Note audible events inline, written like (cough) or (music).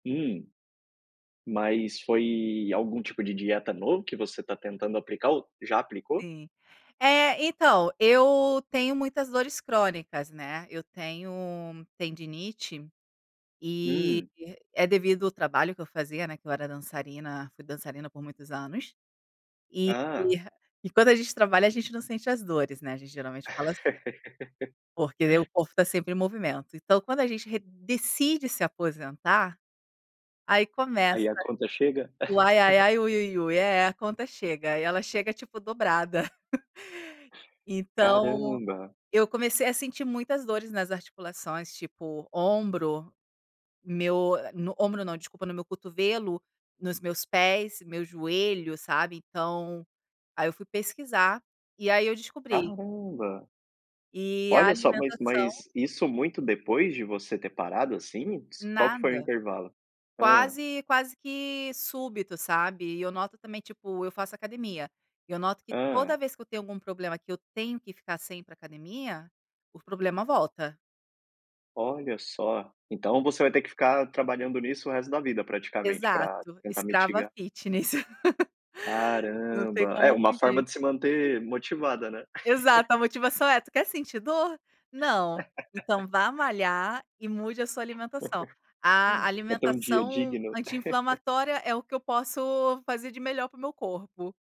Hum, mas foi algum tipo de dieta novo que você tá tentando aplicar ou já aplicou? Sim. É, então, eu tenho muitas dores crônicas, né, eu tenho tendinite, e Hum. é devido o trabalho que eu fazia, né, que eu era dançarina, fui dançarina por muitos anos. E Ah. e e quando a gente trabalha, a gente não sente as dores, né, a gente geralmente fala assi Porque daí o (laughs) corpo tá sempre em movimento. Então, quando a gente re decide se aposentar, aí Aí começa a conta chega? o (giggles) "Ai-ai-ai-ui-ui-ui". É, a conta chega e ela chega tipo dobrada. (chuckles) Então, Caramba. eu comecei a sentir muitas dores nas articulações, tipo ombro, meu, ah, no ombro não, desculpa, no meu cotovelo, nos meus pés, meu joelho, sabe, então, aí eu fui pesquisar e aí eu descobri. Caramba! E a Olha só, mas alimentação mas isso muito depois de você ter parado, assim? Qual que foi o Nada. intervalo? Hã. Quase quase que súbito, sabe, e eu noto também, tipo, eu faço academia, e eu noto que Hã? toda vez que eu tenho algum problema que eu tenho que ficar sem ir pra academia, o problema volta. Olha só. Então, você vai ter que ficar trabalhando nisso o resto da vida, praticamente, pra Exato, tentar escrava mitigar? fitness. (laughs) Não tem Caramba. É, como uma forma fugir. de se manter motivada, né? (giggles) Exato, a motivação é: "Tu quer sentir dor? Não. (laughs) Então vá malhar e mude a sua alimentação". A (giggles) Pra ter um dia alimentação digno. (giggles) anti-inflamatória é o que eu posso fazer de melhor para o meu corpo.